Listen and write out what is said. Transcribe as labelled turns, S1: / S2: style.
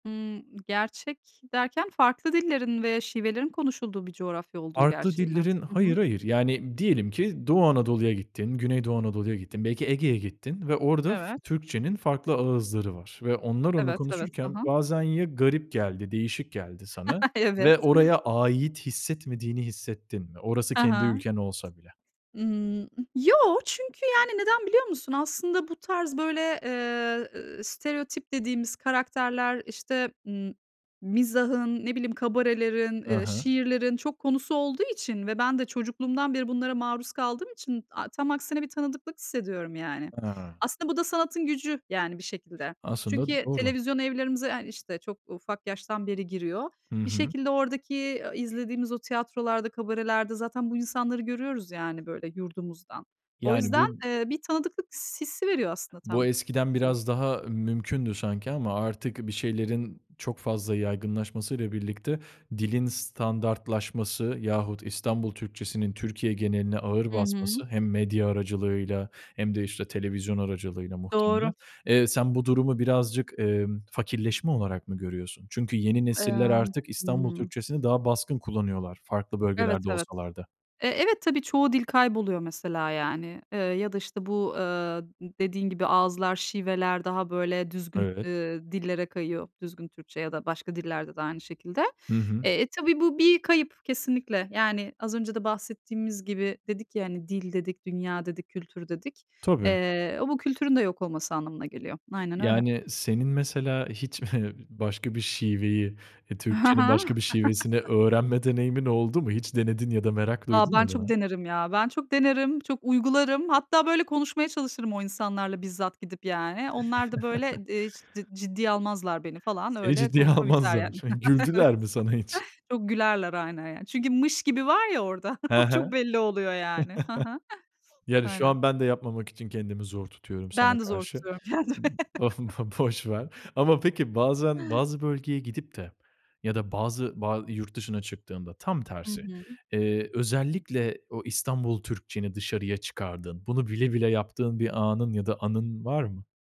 S1: Imm, gerçek derken farklı dillerin ve şivelerin konuşulduğu bir coğrafya olduğu
S2: Farklı
S1: gerçeği mi?
S2: dillerin
S1: Hı hı.
S2: Hayır hayır. Yani diyelim ki Doğu Anadolu'ya gittin, Güneydoğu Anadolu'ya gittin, belki Ege'ye gittin ve orada f
S1: Evet.
S2: Türkçe'nin farklı ağızları var ve onlar onu
S1: Evet, evet. Hı
S2: konuşurken
S1: hı.
S2: bazen ya garip geldi, değişik geldi sana
S1: Evet.
S2: ve oraya ait hissetmediğini hissettin mi? Orası
S1: Hı
S2: kendi
S1: hı.
S2: ülken olsa bile.
S1: Imm, ıh, yoo, çünkü, yani, neden biliyor musun? Aslında bu tarz, böyle, eee, eee, stereotip dediğimiz karakterler, işte, ımm, mizahın, ne bileyim, kabarelerin,
S2: Hı
S1: eee,
S2: hı.
S1: şiirlerin çok konusu olduğu için ve ben de çocukluğumdan beri bunlara maruz kaldığım için a tam aksine bir tanıdıklık hissediyorum yani.
S2: Ha.
S1: Aslında bu da sanatın gücü, yani, bir şekilde.
S2: Aslında
S1: Çünkü
S2: doğru.
S1: televizyon evlerimize, hani, işte, çok ufak yaştan beri giriyor.
S2: Hı
S1: Bir
S2: hı.
S1: şekilde oradaki, ııı, izlediğimiz o tiyatrolarda, kabarelerde zaten bu insanları görüyoruz, yani, böyle, yurdumuzdan. O
S2: Yani
S1: yüzden,
S2: bu
S1: eee, bir tanıdıklık s hissi veriyor aslında
S2: Bu
S1: tam.
S2: eskiden
S1: [unintelligible]
S2: biraz daha mümkündü sanki ama artık bir şeylerin çok fazla yaygınlaşması ile birlikte dilin standartlaşması yahut İstanbul Türkçesinin Türkiye geneline ağır
S1: Hı hı.
S2: basması hem medya aracılığıyla hem de işte televizyon aracılığıyla
S1: Doğru.
S2: muhtemelen. Eee, sen bu durumu birazcık, emm, fakirleşme olarak mı görüyorsun? Çünkü yeni nesiller
S1: Emm.
S2: artık
S1: Hı
S2: İstanbul
S1: hı.
S2: Türkçesini daha baskın kullanıyorlar farklı
S1: Evet,
S2: bölgelerde
S1: evet.
S2: olsalar da.
S1: E, evet, tabii çoğu dil kayboluyor mesela yani. Iıı, ya da, işte, bu, ııı, dediğin gibi ağızlar, şiveler daha böyle düzgün,
S2: Evet.
S1: ııı, dillere kayıyor. Düzgün Türkçe ya da başka dillerde de aynı şekilde.
S2: Hı hı.
S1: Eee, e, tabii bu bir kayıp kesinlikle. Yani az önce de bahsettiğimiz gibi. Dedik ya, hani, "dil" dedik, "dünya" dedik, "kültür" dedik.
S2: Tabii.
S1: Eee, o bu kültürün de yok olması anlamına geliyor. Aynen öyle.
S2: Yani senin mesela hiç başka bir şiveyi,
S1: Ha
S2: Türkçe'nin
S1: ha.
S2: başka bir şivesini öğrenme deneyimin oldu mu? Hiç denedin ya da merak
S1: A,
S2: duydun
S1: ben
S2: mu
S1: çok
S2: buna?
S1: denerim ya. Ben çok denerim, çok uygularım. Hatta böyle konuşmaya çalışırım o insanlarla bizzat gidip yani. Onlar da, böyle, eee, cid ciddiye almazlar beni falan.
S2: Seni
S1: Öyle
S2: ciddiye
S1: konuşma biter
S2: almazlar.
S1: yani. Evet.
S2: Güldüler mi sana hiç?
S1: Çok gülerler aynen yani. Çünkü "mış gibi" var ya orada.
S2: He he.
S1: O çok belli oluyor yani. Hı hı.
S2: Yani, şu
S1: Aynen.
S2: an ben de yapmamak için kendimi zor tutuyorum sana
S1: Ben de zor
S2: karşı.
S1: tutuyorum kendimi.
S2: Imm Boş ver. Ama peki bazen bazı bölgeye gidip de ya da bazı ba yurt dışına çıktığında tam
S1: Hı
S2: tersi,
S1: hı.
S2: eee, özellikle o İstanbul Türkçeni dışarıya çıkardığın, bunu bile bile yaptığın bir anın ya da anın var mı?